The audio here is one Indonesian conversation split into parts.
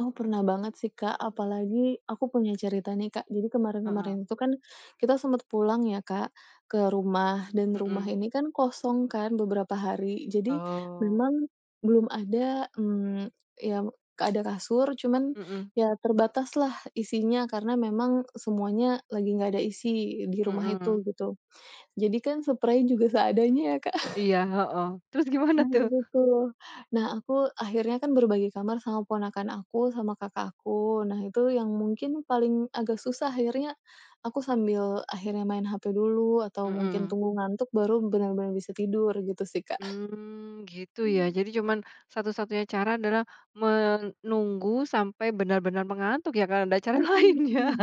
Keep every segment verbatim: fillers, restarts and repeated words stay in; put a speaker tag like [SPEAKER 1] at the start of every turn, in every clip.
[SPEAKER 1] Oh, pernah banget sih, Kak. Apalagi aku punya cerita nih, Kak. Jadi
[SPEAKER 2] Heeh.
[SPEAKER 1] kemarin-kemarin itu kan kita sempet pulang ya, Kak, ke rumah. Dan rumah
[SPEAKER 2] Mhm.
[SPEAKER 1] ini kan kosong kan beberapa hari. Jadi
[SPEAKER 2] Oh.
[SPEAKER 1] memang belum ada, mmm, iya, ada kasur, cuman
[SPEAKER 2] Mhm.
[SPEAKER 1] ya terbataslah isinya. Karena memang semuanya lagi nggak ada isi di rumah itu
[SPEAKER 2] Mhm.
[SPEAKER 1] gitu. Jadi kan seprai juga seadanya ya, Kak.
[SPEAKER 2] Iya, heeh. Terus gimana,
[SPEAKER 1] Nah
[SPEAKER 2] tuh?
[SPEAKER 1] itu tuh. Nah, aku akhirnya kan berbagi kamar sama ponakan aku, sama kakak aku. Nah itu yang mungkin paling agak susah. Akhirnya aku sambil akhirnya main HP dulu atau mungkin
[SPEAKER 2] Mhm.
[SPEAKER 1] tunggu ngantuk, baru benar-benar bisa tidur. Gitu sih, Kak.
[SPEAKER 2] Mmm. Gitu ya.
[SPEAKER 1] Mmm.
[SPEAKER 2] Jadi cuman, satu-satunya cara adalah menunggu sampai benar-benar mengantuk, ya, gak ada ada cara
[SPEAKER 1] Mhm
[SPEAKER 2] lain, ya.
[SPEAKER 1] mhm.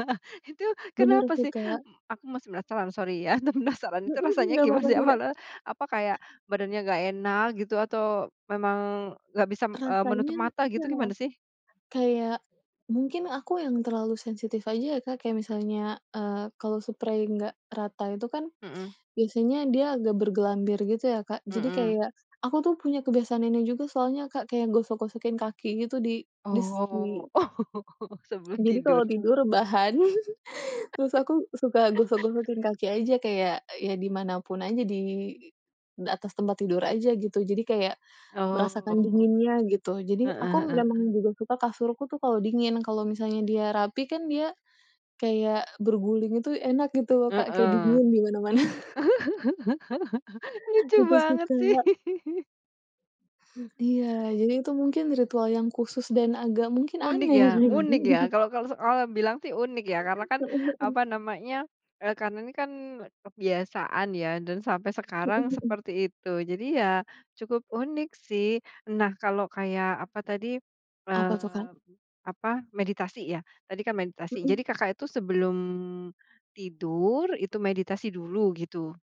[SPEAKER 2] Itu,
[SPEAKER 1] Bener
[SPEAKER 2] kenapa
[SPEAKER 1] sih,
[SPEAKER 2] sih?
[SPEAKER 1] Kak.
[SPEAKER 2] M aku masih penasaran, sorry ya. Penasaran, itu
[SPEAKER 1] Mhm.
[SPEAKER 2] rasanya
[SPEAKER 1] Nggak
[SPEAKER 2] gimana,
[SPEAKER 1] papa
[SPEAKER 2] sih?
[SPEAKER 1] sih,
[SPEAKER 2] Apa
[SPEAKER 1] Kak.
[SPEAKER 2] la apa kayak, badannya nggak enak, gitu, atau memang, nggak bisam, eee, menutup
[SPEAKER 1] Rasanya
[SPEAKER 2] mata gitu?
[SPEAKER 1] iya.
[SPEAKER 2] Gimana sih?
[SPEAKER 1] Kayak, mungkin aku yang terlalu sensitif aja ya, Kak. Kayak misalnya, eee, kalau seprei nggak rata itu kan,
[SPEAKER 2] Mhm.
[SPEAKER 1] biasanya dia agak bergelambir gitu ya, Kak. Jadi
[SPEAKER 2] Mhm.
[SPEAKER 1] kayak aku tuh punya kebiasaan ini juga soalnya, Kak. Kayak gosok-gosokin kaki gitu di dis
[SPEAKER 2] Oh.
[SPEAKER 1] di
[SPEAKER 2] Oh, sebelum
[SPEAKER 1] Jadi kalau
[SPEAKER 2] tidur.
[SPEAKER 1] tidur, rebahan, terus aku suka gosok-gosokin kaki aja. Kayak, ya di mana pun aja. Di atas tempat tidur aja, gitu. Jadi kayak, merasakan
[SPEAKER 2] Oh.
[SPEAKER 1] dinginnya, gitu. Jadi
[SPEAKER 2] Heeh
[SPEAKER 1] aku
[SPEAKER 2] heeh
[SPEAKER 1] memang
[SPEAKER 2] heeh.
[SPEAKER 1] juga suka kasurku tuh, kalau dingin. Kalau misalnya dia rapi kan, dia kayak berguling itu enak, gitu Kak. Kayak
[SPEAKER 2] Heeh.
[SPEAKER 1] dingin, di mana-mana.
[SPEAKER 2] Lucu
[SPEAKER 1] Itu sih,
[SPEAKER 2] banget, sih.
[SPEAKER 1] Kak. Iya.
[SPEAKER 2] U
[SPEAKER 1] Jadi itu mungkin, ritual yang khusus dan agak mungkin
[SPEAKER 2] Unik ya
[SPEAKER 1] aneh.
[SPEAKER 2] unik ya. Kalau kalau orang bilang sih, unik ya. Karena kan,
[SPEAKER 1] Heeh heeh.
[SPEAKER 2] apa namanya, eee, karena ini kan, kebiasaan ya. Dan sampai
[SPEAKER 1] Mhm
[SPEAKER 2] sekarang,
[SPEAKER 1] mhm.
[SPEAKER 2] seperti itu. Jadi ya, cukup unik sih. Nah, kalau kayak apa tadi,
[SPEAKER 1] Apa tuh,
[SPEAKER 2] eee,
[SPEAKER 1] Kak?
[SPEAKER 2] apa, meditasi ya, tadi kan meditasi.
[SPEAKER 1] Mhm
[SPEAKER 2] Jadi Kakak itu, sebelum tidur, itu meditasi dulu, gitu.